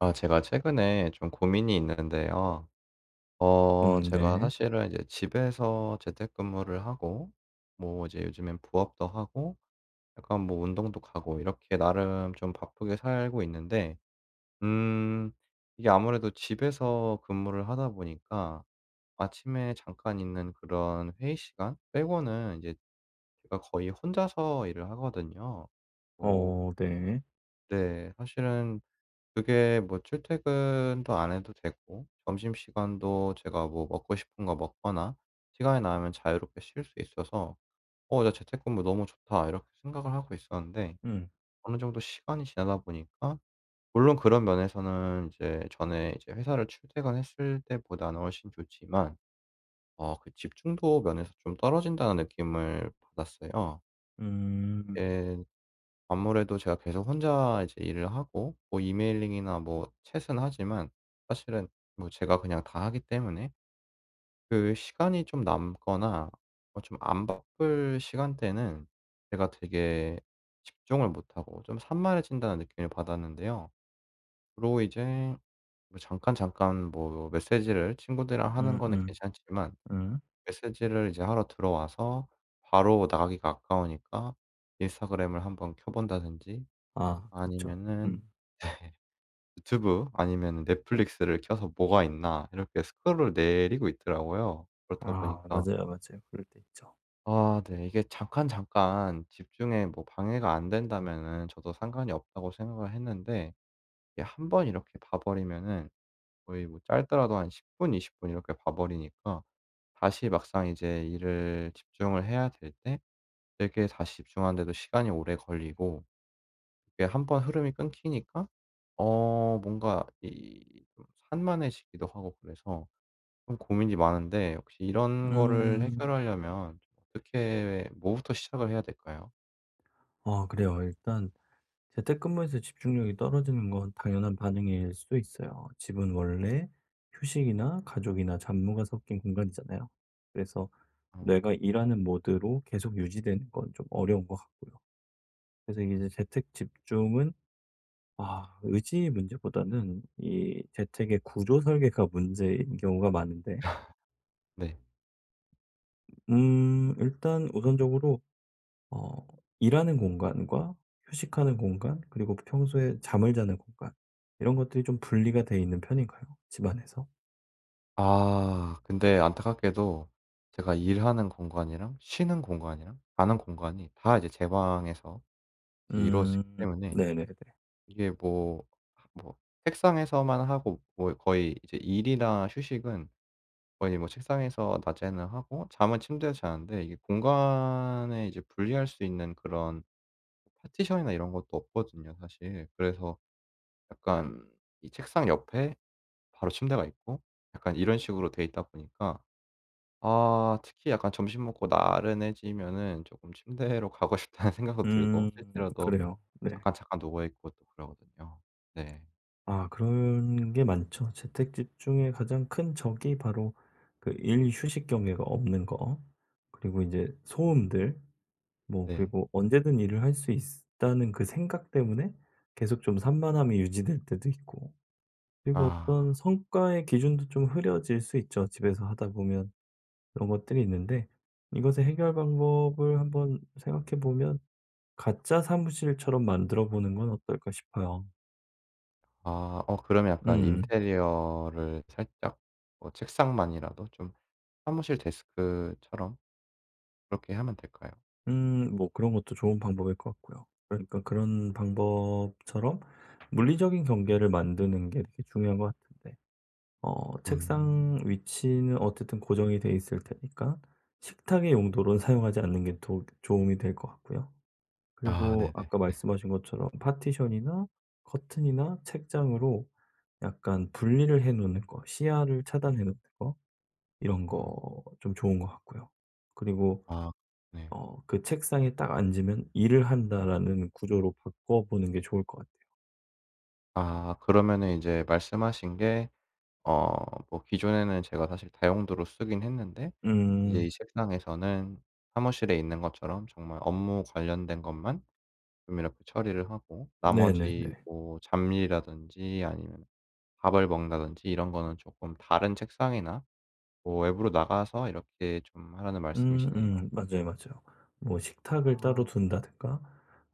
아 제가 최근에 좀 고민이 있는데요. 어 음 제가 네. 사실은 이제 집에서 재택근무를 하고 뭐 이제 요즘엔 부업도 하고 약간 뭐 운동도 가고 이렇게 나름 좀 바쁘게 살고 있는데 음 이게 아무래도 집에서 근무를 하다 보니까 아침에 잠깐 있는 그런 회의 시간 빼고는 이제 제가 거의 혼자서 일을 하거든요. 뭐 어 네. 네. 사실은 그게 뭐 출퇴근도 안 해도 되고 점심시간도 제가 뭐 먹고 싶은 거 먹거나 시간이 나면 자유롭게 쉴 수 있어서 '어 나 재택근무 너무 좋다.' 이렇게 생각을 하고 있었는데 음. 어느 정도 시간이 지나다 보니까 물론 그런 면에서는 이제 전에 이제 회사를 출퇴근했을 때보다는 훨씬 좋지만 '어 그 집중도 면에서 좀 떨어진다.'는 느낌을 받았어요. 음. 예. 아무래도 제가 계속 혼자 이제 일을 하고 뭐 emailing이나 뭐 chat은 하지만 사실은 뭐 제가 그냥 다 하기 때문에 그 시간이 좀 남거나 어 좀 안 바쁠 시간대는 제가 되게 집중을 못하고 좀 '산만해진다.'는 느낌을 받았는데요. 그리고 이제 뭐 잠깐, 잠깐 뭐 메시지를 친구들이랑 하는 거는 음음. 괜찮지만 음. 메시지를 이제 하러 들어와서 바로 나가기가 아까우니까 인스타그램을 한번 켜 본다든지 아 그쵸. 아니면은 음. 유튜브 아니면은 넷플릭스를 켜서 '뭐가 있나.' 이렇게 스크롤 내리고 있더라고요. 그렇다 아 보니까 맞아요, 맞아요. 그럴 때 있죠. 아 네. 이게 잠깐, 잠깐 집중에 뭐 방해가 안 된다면은 저도 '상관이 없다.'고 생각을 했는데 이게 1 번 이렇게 봐 버리면은 거의 뭐 짧더라도 한 10 분 20 분 이렇게 봐 버리니까 다시 막상 이제 일을 집중을 해야 될 때 되게 다시 집중하는데도 시간이 오래 걸리고 이게 1 번 흐름이 끊기니까 어 뭔가 이 산만해지기도 하고 그래서 좀 고민이 많은데 혹시 이런 거를 음. 해결하려면 어떻게 뭐부터 시작을 해야 될까요? 아 그래요. 일단 재택근무에서 집중력이 떨어지는 건 당연한 반응일 수도 있어요. 집은 원래 휴식이나 가족이나 잡무가 섞인 공간이잖아요. 그래서 음. 내가 일하는 모드로 계속 유지되는 건 좀 어려운 것 같고요. 그래서 이제 음. 재택 집중은 아 의지의 문제보다는 이 재택의 구조 설계가 문제인 경우가 많은데 네. 으 음. 일단 우선적으로 어 일하는 공간과 휴식하는 공간 그리고 평소에 잠을 자는 공간 이런 것들이 좀 분리가 되어 있는 편인가요? 집안에서? 아 근데 안타깝게도 제가 일하는 공간이랑 쉬는 공간이랑 자는 공간이 다 이제 제 방에서 이제 음 이루어지기 때문에 네네네. 이게 뭐 뭐 책상에서만 하고 뭐 거의 이제 일이나 휴식은 거의 뭐 책상에서 낮에는 하고 잠은 침대에서 자는데 이게 공간에 이제 분리할 수 있는 그런 파티션이나 이런 것도 없거든요 사실. 그래서 약간 이 책상 옆에 바로 침대가 있고 약간 이런 식으로 되어 있다 보니까 아 특히 약간 점심 먹고 나른해지면은 쪼끔 '침대로 가고 싶다.'는 생각도 들고 음 실제로도 그래요. 네. 잠깐잠깐 누워 있고 또 그러거든요. 네. 아 그런 게 많죠. 재택 집중에 가장 큰 적이 바로 그 일, 휴식 경계가 없는 거 그리고 인제 음. 소음들 뭐 네. 그리고 '언제든 일을 할 수 있으 다.'는 그 생각 때문에 계속 좀 산만함이 유지될 때도 있고 그리고 아. 어떤 성과의 기준도 좀 흐려질 수 있죠 집에서 하다 보면. 이런 것들이 음. 있는데 이것의 해결 방법을 한번 생각해 보면 가짜 사무실처럼 만들어 보는 건 어떨까 싶어요. 아 어 그러면 약간 음. 인테리어를 살짝 뭐 책상만이라도 좀 사무실 데스크처럼 그렇게 하면 될까요? 음 뭐 그런 것도 좋은 방법일 것 같고요. 그러니까 그런 방법처럼 물리적인 경계를 만드는 게 되게 중요한 것 같은데 어 책상 음. 위치는 어쨌든 고정이 돼있을 테니까 식탁의 용도로 사용하지 않는 게 도 도움 이 될 것 같고요. 아 그리고 네네. 아까 말씀하신 것처럼 파티션이나 커튼이나 책장으로 약간 분리를 해 놓는 거 시야를 차단해 놓는 거 이런 음. 거 좀 좋은 것 같고요. 그리고 아 네. 어 '그 책상에 딱 앉으면 일을 한다.'라는 구조로 바꿔보는 게 좋을 것 같아요. 아 그러면은 인제 말씀하신 게 어 뭐 기존에는 제가 사실 다용도로 쓰긴 했는데 이제 이 음. 책상에서는 사무실에 있는 것처럼 정말 업무 관련된 것만 좀 이렇게 처리를 하고 나머지 네네네. 뭐 잡일이라든지 아니면 밥을 먹는다든지 이런 거는 쪼끔 다른 책상이나 뭐 외부로 나가서 이렇게 좀 하라는 말씀이시네요. 음음 맞아요, 맞아요. 뭐 식탁을 따로 아. 둔다든가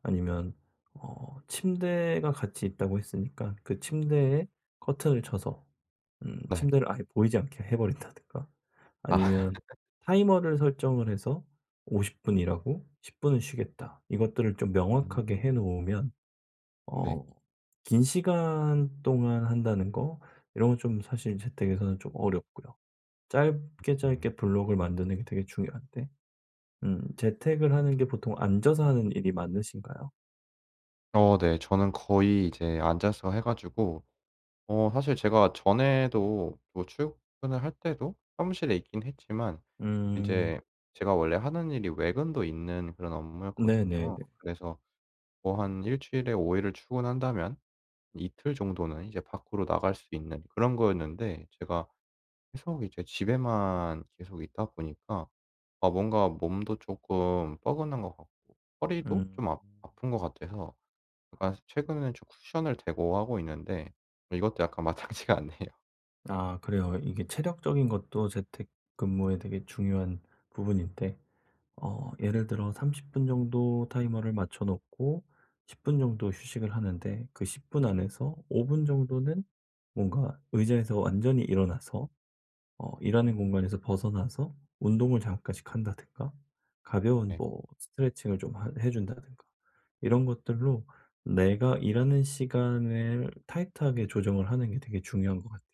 아니면 어 침대가 같이 있다고 했으니까 그 침대에 커튼을 쳐서 음 네. 침대를 아예 보이지 않게 해 버린다든가 아. 아니면 타이머를 설정을 해서 '50 분 일하고 10 분은 쉬겠다.' 이것들을 좀 명확하게 음. 해 놓으면 네. 어 긴 시간 동안 한다는 거 이런 건 좀 사실 재택에서는 좀 어렵고요. 짧게, 음. 짧게 블록을 만드는 게 되게 중요한데 음 재택을 하는 게 보통 앉아서 하는 일이 많으신가요? 어 네. 저는 거의 이제 앉아서 해 가지고 어 사실 제가 전에도 뭐 출근을 할 때도 사무실에 있긴 했지만 음. 이제 제가 원래 하는 일이 외근도 있는 그런 업무였거든요. 네네네. 그래서 뭐 한 1 주일에 5 일을 출근한다면 이틀 정도는 이제 밖으로 나갈 수 있는 그런 거였는데 제가 계속 이제 집에만 계속 있다 보니까 아 뭔가 몸도 조금 뻐근한 것 같고 허리도 음. 좀 아 아픈 것 같아서 약간 최근에는 좀 쿠션을 대고 하고 있는데 이것도 약간 마땅치가 않네요. 아 그래요. 이게 체력적인 것도 재택 근무에 되게 중요한 부분인데 어 예를 들어 30 분 정도 타이머를 맞춰 놓고 10 분 정도 휴식을 하는데 그 10 분 안에서 5 분 정도는 뭔가 의자에서 완전히 일어나서 어 일하는 음. 공간에서 벗어나서 운동을 잠깐씩 한다든가 가벼운 네. 뭐 스트레칭을 좀 하 해 준다든가 이런 것들로 내가 일하는 시간을 타이트하게 조정을 하는 게 되게 중요한 것 같아요.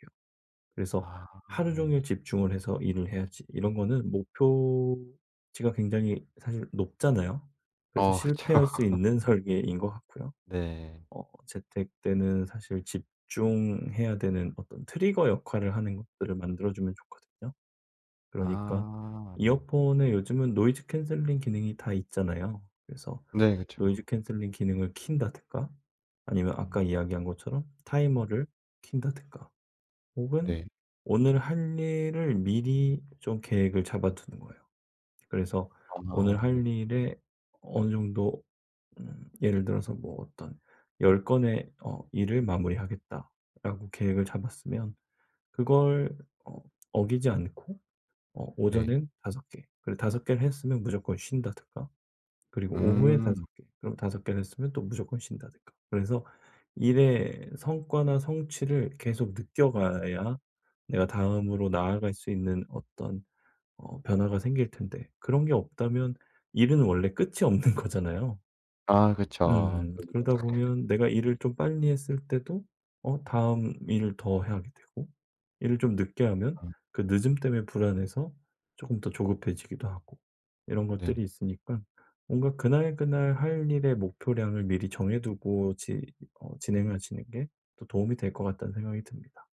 그래서 아 '하루 종일 예. 집중을 해서 일을 해야지.' 이런 거는 목표치가 굉장히 사실 높잖아요? 그래서 어 그쵸. 실패할 수 있는 설계인 것 같고요. 네. 어 재택 때는 사실 집중해야 되는 어떤 트리거 역할을 하는 것들을 만들어주면 좋거든요. 그러니까 아 네. 이어폰에 요즘은 노이즈 캔슬링 기능이 다 있잖아요. 그래서 네 노이즈 그쵸. 캔슬링 기능을 켠다든가 아니면 음. 아까 이야기한 것처럼 타이머를 켠다든가 혹은 네. 오늘 할 일을 미리 좀 계획을 잡아두는 거예요. 그래서 오늘 아 네. 할 일에 어느 정도 음 예를 들어서 뭐 어떤 '10 건의 어 일을 마무리 하겠다.'라고 계획을 잡았으면 그걸 어 어기지 않고 어 네. 오전엔 5 개 그리고 5 개를 했으면 무조건 쉰다든가. 그리고 오후에 5 음. 개 그리고 5 개를 했으면 또 무조건 쉰다든가. 그래서 일의 성과나 성취를 계속 느껴가야 내가 다음으로 나아갈 수 있는 어떤 어 변화가 생길 텐데 그런 게 없다면 일은 원래 끝이 없는 거잖아요. 아 그쵸. 음 그러니깐. 그러다 보면 내가 일을 좀 빨리 했을 때도 어 다음 일을 더 하게 되고 일을 좀 늦게 하면 음. 그 늦음 때문에 불안해서 쪼금 더 조급해지기도 하고 이런 네. 것들이 있으니까 뭔가 '그날, 그날 할 일의 목표량을 미리 정해두고 지 어 진행하시는 게 또 도움이 될 것 같다.'는 생각이 듭니다.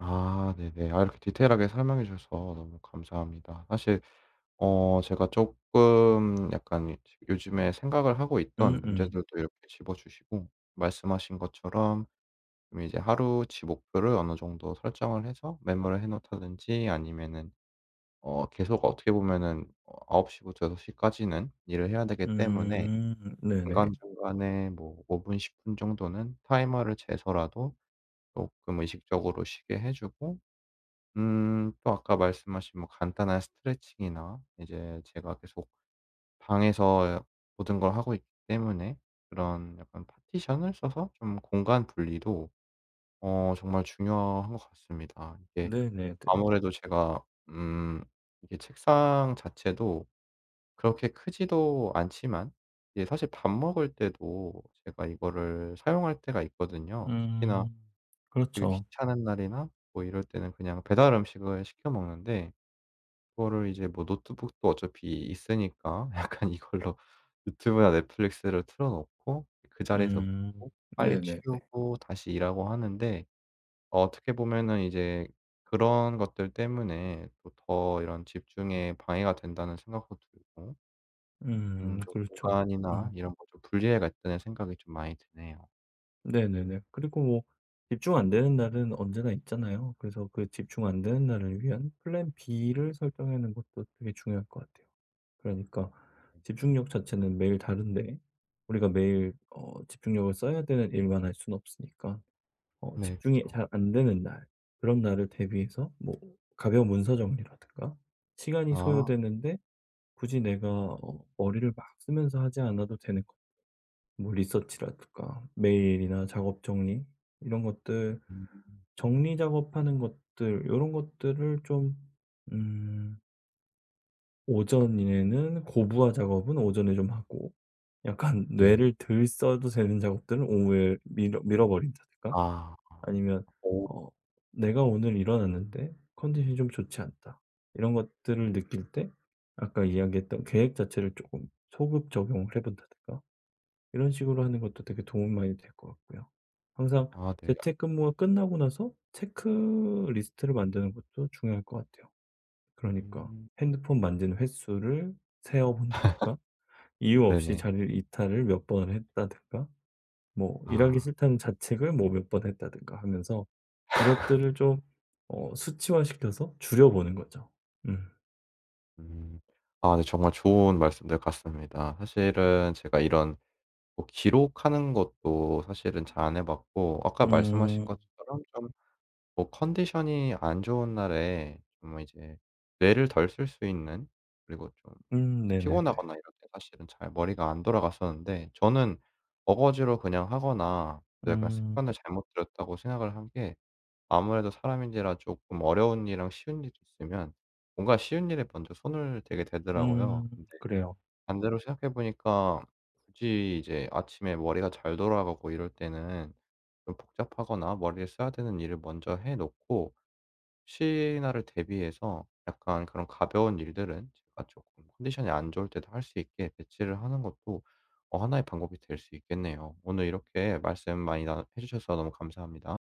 아 네네. 아 이렇게 디테일하게 설명해 주셔서 너무 감사합니다. 사실 어 제가 쪼끔 약간 요즈 요즘에 생각을 하고 있던 음음. 문제들도 이렇게 집어 주시고 말씀하신 것처럼 이제 하루치 목표를 어느 정도 설정을 해서 메모를 해 놓다든지 아니면은 어 계속 어떻게 보면은 어 9 시부터 6 시까지는 일을 해야 되기 때문에 음 네네. 중간중간에 뭐 5 분 10 분 정도는 타이머를 재서라도 쪼끔 의식적으로 쉬게 해 주고 음 또 아까 말씀하신 뭐 간단한 스트레칭이나 이제 제가 계속 방에서 야 모든 걸 하고 있기 때문에 그런 약간 파티션을 써서 좀 공간 분리도 어 정말 중요한 것 같습니다. 이게 네네네. 아무래도 제가 음 이게 책상 자체도 그렇게 크지도 않지만 이게 사실 밥 먹을 때도 제가 이거를 사용할 때가 있거든요. 특히나 음. 되게 그렇죠. 귀찮은 날이나 뭐 이럴 때는 그냥 배달음식을 시켜 먹는데 그거를 이제 뭐 노트북도 어차피 있으니까 약간 이걸로 유튜브나 넷플릭스를 틀어 놓고 그 자리에서 음 먹고 빨리 네네네. 치우고 다시 일하고 하는데 어떻게 보면은 이제 그런 것들 때문에 또 더 이런 '집중에 방해가 된다.'는 생각도 들고 음 음 좀 그렇죠. '공간이나 음. 이런 거 좀 분리해야겠다.'는 생각이 좀 많이 드네요. 네네네. 그리고 뭐 집중 안 되는 날은 언제나 있잖아요. 그래서 그 집중 안 되는 날을 위한 플랜 B를 설정하는 것도 되게 중요할 것 같아요. 그러니까 집중력 자체는 매일 다른데 우리가 매일 어 집중력을 써야 되는 일만 할 수는 없으니까 어 네. 집중이 그쵸. 잘 안 되는 날 그런 날을 대비해서 뭐 가벼운 문서 정리라든가 시간이 아. 소요되는데 굳이 내가 어 머리를 막 쓰면서 하지 않아도 되는 거 뭐 리서치라든가 메일이나 작업 정리 이런 것들 음. 정리 작업하는 것들 요런 것들을 좀 음 오전에는 고부화 작업은 오전에 좀 하고 약간 네. 뇌를 덜 써도 되는 작업들은 오후에 미뤄 미뤄 버린다든가 아. 아 아니면 오. 어 '내가 오늘 일어났는데 컨디션이 좀 좋지 않다.' 이런 것들을 느낄 때 아까 이야기했던 계획 자체를 쪼끔 소급 적용을 해 본다든가 이런 식으로 하는 것도 되게 도움이 많이 될 것 같고요. 항상 아 네. 약 재택근무가 끝나고 나서 체크 리스트를 만드는 것도 중요할 것 같아요. 그러니까 음. 핸드폰 만진 횟수를 세어 본다든가 이유 없이 네네. 자리를 이탈을 몇 번을 했다든가 뭐 '일하기 아. 싫다.'는 자책을 뭐 몇 번 했다든가 하면서 이것들을 좀 어 수치화 시켜서 줄여 보는 거죠. 음. 음. 아 네 정말 좋은 말씀들 같습니다. 사실은 제가 이런 뭐 기록하는 것도 사실은 잘 안 해 봤고 아까 말씀하신 음. 것처럼 좀 뭐 컨디션이 안 좋은 날에 정말 이제 뇌를 덜 쓸 수 있는 그리고 좀 음 네네네. 피곤하거나 이럴 때 사실은 잘 머리가 안 돌아갔었는데 저는 어거지로 그냥 하거나 '내가 음. 습관을 잘못 들였다.'고 생각을 한 게 아무래도 사람인지라 쪼끔 어려운 일이랑 쉬운 일이 있으면 뭔가 쉬운 일에 먼저 손을 대게 되더라고요. 음 근데 그래요. 반대로 생각해 보니까 굳이 이제 아침에 머리가 잘 돌아가고 이럴 때는 좀 복잡하거나 머리를 써야 되는 일을 먼저 해 놓고 혹시나를 대비해서 약간 그런 가벼운 일들은 제가 쪼끔 컨디션이 안 좋을 때도 할 수 있게 배치를 하는 것도 어 1 의 방법이 될 수 있겠네요. 오늘 이렇게 말씀 많이 나눠 해 주셔서 너무 감사합니다.